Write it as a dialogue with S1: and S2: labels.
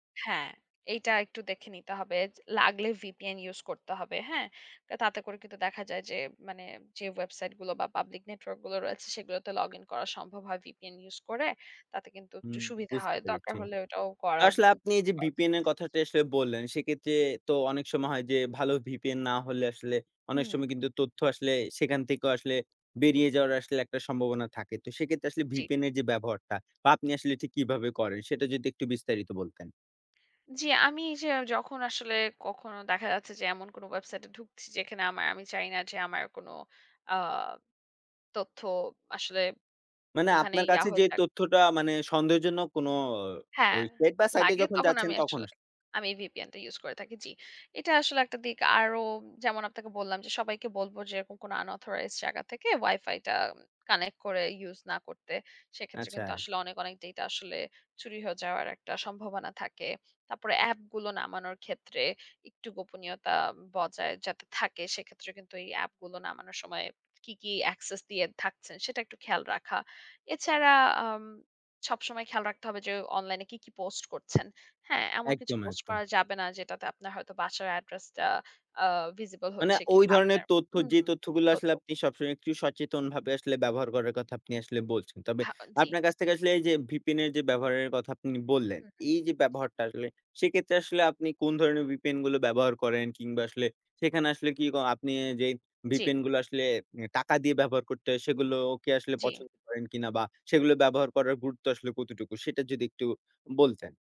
S1: হ্যাঁ, এইটা একটু দেখে নিতে হবে। যে লাগলে VPN ইউস করতে হবে। হ্যাঁ? তাতে করে কিন্তু দেখা যায় যে মানে যে ওয়েবসাইট গুলো বা পাবলিক নেটওয়র্ক গুলো রয়েছে সেগুলোতে লগ ইন করা সম্ভব হয় VPN ইউস করে। তাতে কিন্তু একটু
S2: হুম,
S1: সুবিধা
S2: বুঝতে
S1: হয়। দরকার
S2: পেরেছি।
S1: হলে এটাও
S2: তা
S1: করা
S2: আসলে আপনি এই যে
S1: [unintelligible] জি।
S2: VPN এর কথাটা আসলে বললেন সেক্ষেত্রে তো অনেক সময় হয় যে ভালো VPN না হলে আসলে অনেক
S1: হুম।
S2: সময় কিন্তু তথ্য আসলে সেখান থেকেও আসলে বেরিয়ে যাওয়ার আসলে একটা সম্ভাবনা থাকে। তো সেক্ষেত্রে আসলে
S1: জ্বী।
S2: VPN এর যে ব্যবহারটা বা আপনি আসলে ঠিক কীভাবে করেন সেটা যদি একটু বিস্তারিত বলতেন?
S1: জি, আমি এইযে যখন আসলে কখনো দেখা যাচ্ছে যে এমন কোনো ওয়েবসাইটে এ ঢুকছি যেখানে আমার আমি চাই না যে আমার কোন আ তথ্য আসলে
S2: মানে
S1: ওখানেই
S2: আপনার
S1: ইয়া
S2: কাছে
S1: হয়া
S2: যে
S1: থাক।
S2: তথ্যটা মানে সন্দেহজনক কোনো
S1: হ্যাঁ,
S2: ওই সেট বা সাইট এ
S1: লাগে
S2: যখন
S1: তখন
S2: যাচ্ছেন
S1: আমি
S2: তখন
S1: আসলে
S2: আস
S1: আমি এই VPN টা ইউস করে থাকি। জ্বি। এটা আসলে একটা দিক আরো যেমন আপনাকে বললাম, যে সবাইকে বলবো যে এরকম কোন unauthorized জায়গা থেকে ওয়াইফাইটা কানেক্ট করে ইউস না করতে। সেক্ষেত্রে কিন্তু
S2: আচ্ছা।
S1: আসলে অনেক, অনেক ডেটা আসলে চুরি হয়ে যাওয়ার একটা সম্ভাবনা থাকে। তারপরে অ্যাপগুলো নামানোর ক্ষেত্রে একটু গোপনীয়তা বজায় যাতে থাকে, সেক্ষেত্রে কিন্তু এই এ্যাপ গুলো নামানোর সময় কি, কি access দিয়ে থাকছেন সেটা একটু খেয়াল রাখা। এছাড়া আম সবসময় খেয়াল রাখতে হবে যে অনলাইনে কী, কী পোস্ট করছেন। হ্যাঁ, এমন কিছু
S2: একদম,
S1: পোস্ট করা
S2: একদম।
S1: যাবে না যেটাতে আপনার হয়তো বাসার অ্যাড্রেসটা আ visible
S2: মানে
S1: হচ্ছে
S2: ওই
S1: কিংবা
S2: ধরনের
S1: আপনার
S2: তথ্য যে
S1: হুম
S2: তথ্যগুলো
S1: তো,
S2: আসলে
S1: তো।
S2: আপনি সবসময় একটু সচেতনভাবে আসলে ব্যবহার করার কথা আপনি আসলে বলছেন। তবে
S1: হাও জ্বী।
S2: আপনার কাছ থেকে আসলে এই যে VPN এর যে ব্যবহারের কথা আপনি বললেন,
S1: হু, হু।
S2: এই যে
S1: জি।
S2: ব্যবহারটা আসলে সেক্ষেত্রে আসলে আপনি কোন ধরনের VPN গুলো ব্যবহার করেন? কিংবা আসলে সেখানে আসলে কি ক আপনি যেই
S1: জ্বী।
S2: VPN গুলো আসলে অ্যা টাকা দিয়ে ব্যবহার করতে হয়, সেগুলো ওকে আসলে
S1: জ্বী।
S2: পছন্দ করেন কিনা বা সেগুলো ব্যবহার করার গুরুত্ব আসলে কতটুকু সেটা যদি একটু বলতেন?